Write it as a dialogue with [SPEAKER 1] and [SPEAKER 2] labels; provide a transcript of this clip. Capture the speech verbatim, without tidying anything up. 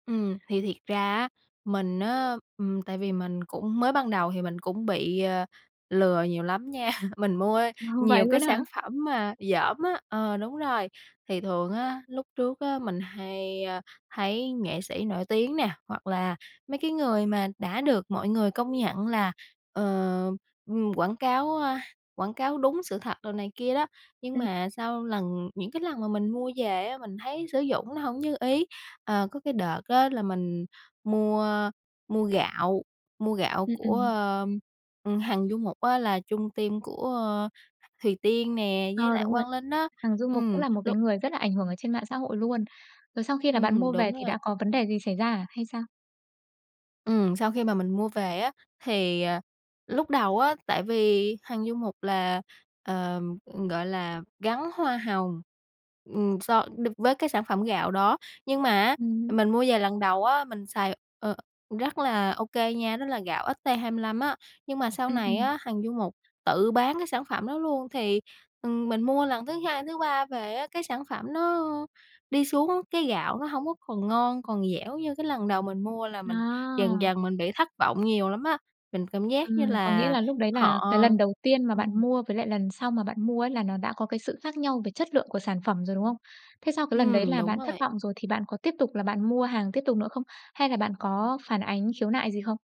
[SPEAKER 1] Ừm, thì thiệt ra á mình á, ừm, tại vì mình cũng mới ban đầu thì mình cũng bị, ờ, lừa nhiều lắm nha. Mình mua ấy
[SPEAKER 2] Vậy
[SPEAKER 1] nhiều cái
[SPEAKER 2] luôn á hả?
[SPEAKER 1] sản phẩm mà dởm á ờ, đúng rồi, thì thường á lúc trước á, mình hay, a, thấy nghệ sĩ nổi tiếng nè, hoặc là mấy cái người mà đã được mọi người công nhận là, ờ, ừm, quảng cáo, a, quảng cáo đúng sự thật đồ này kia đó, nhưng
[SPEAKER 2] Ừm.
[SPEAKER 1] mà sau lần những cái lần mà mình mua về á, mình thấy sử dụng nó hổng như ý, ờ, có cái đợt á là mình mua mua gạo mua gạo
[SPEAKER 2] Ừm,
[SPEAKER 1] của
[SPEAKER 2] ừm.
[SPEAKER 1] ờ, ừm, Hằng Du Mục á là chung team của Thùy Tiên nè
[SPEAKER 2] Ờ,
[SPEAKER 1] với lại
[SPEAKER 2] đúng rồi,
[SPEAKER 1] Quang Linh á,
[SPEAKER 2] Hằng Du Mục cũng
[SPEAKER 1] ừm,
[SPEAKER 2] là một cái
[SPEAKER 1] lúc
[SPEAKER 2] người rất là ảnh hưởng ở trên mạng xã hội luôn. Rồi sau khi là bạn
[SPEAKER 1] Ừm,
[SPEAKER 2] mua về
[SPEAKER 1] đúng
[SPEAKER 2] thì
[SPEAKER 1] rồi.
[SPEAKER 2] đã có vấn đề gì xảy ra à, hay sao?
[SPEAKER 1] Ừm, sau khi mà mình mua về á thì, à, lúc đầu á, tại vì Hằng Du Mục là, ờ, ừm, gọi là, gắn hoa hồng. Ừm, so đ với cái sản phẩm gạo đó, nhưng mà á,
[SPEAKER 2] Ừm hứm.
[SPEAKER 1] mình mua về lần đầu á, mình xài, ờ, rất là OK nha, đó là gạo ST25 á, nhưng mà sau
[SPEAKER 2] Ừm,
[SPEAKER 1] này
[SPEAKER 2] ừm.
[SPEAKER 1] á Hằng Du Mục tự bán cái sản phẩm đó luôn thì, ừm, mình mua lần thứ hai, thứ ba về á, cái sản phẩm nó đi xuống, cái gạo nó hông có còn ngon, còn dẻo như cái lần đầu mình mua, là mình dần
[SPEAKER 2] À.
[SPEAKER 1] dần mình bị thất vọng nhiều lắm á, mình cảm giác như
[SPEAKER 2] Ừm, có nghĩa
[SPEAKER 1] là
[SPEAKER 2] là lúc đấy
[SPEAKER 1] họ,
[SPEAKER 2] là cái
[SPEAKER 1] à
[SPEAKER 2] lần đầu tiên mà
[SPEAKER 1] ừm.
[SPEAKER 2] bạn mua với lại lần sau mà bạn mua ấy là nó đã có cái sự khác nhau về chất lượng của sản phẩm rồi, đúng không? Thế sau cái lần đấy
[SPEAKER 1] Ừm,
[SPEAKER 2] là
[SPEAKER 1] đúng
[SPEAKER 2] bạn thất
[SPEAKER 1] rồi.
[SPEAKER 2] vọng rồi thì bạn có tiếp tục là bạn mua hàng tiếp tục nữa không? Hay là bạn có phản ánh khiếu nại gì không?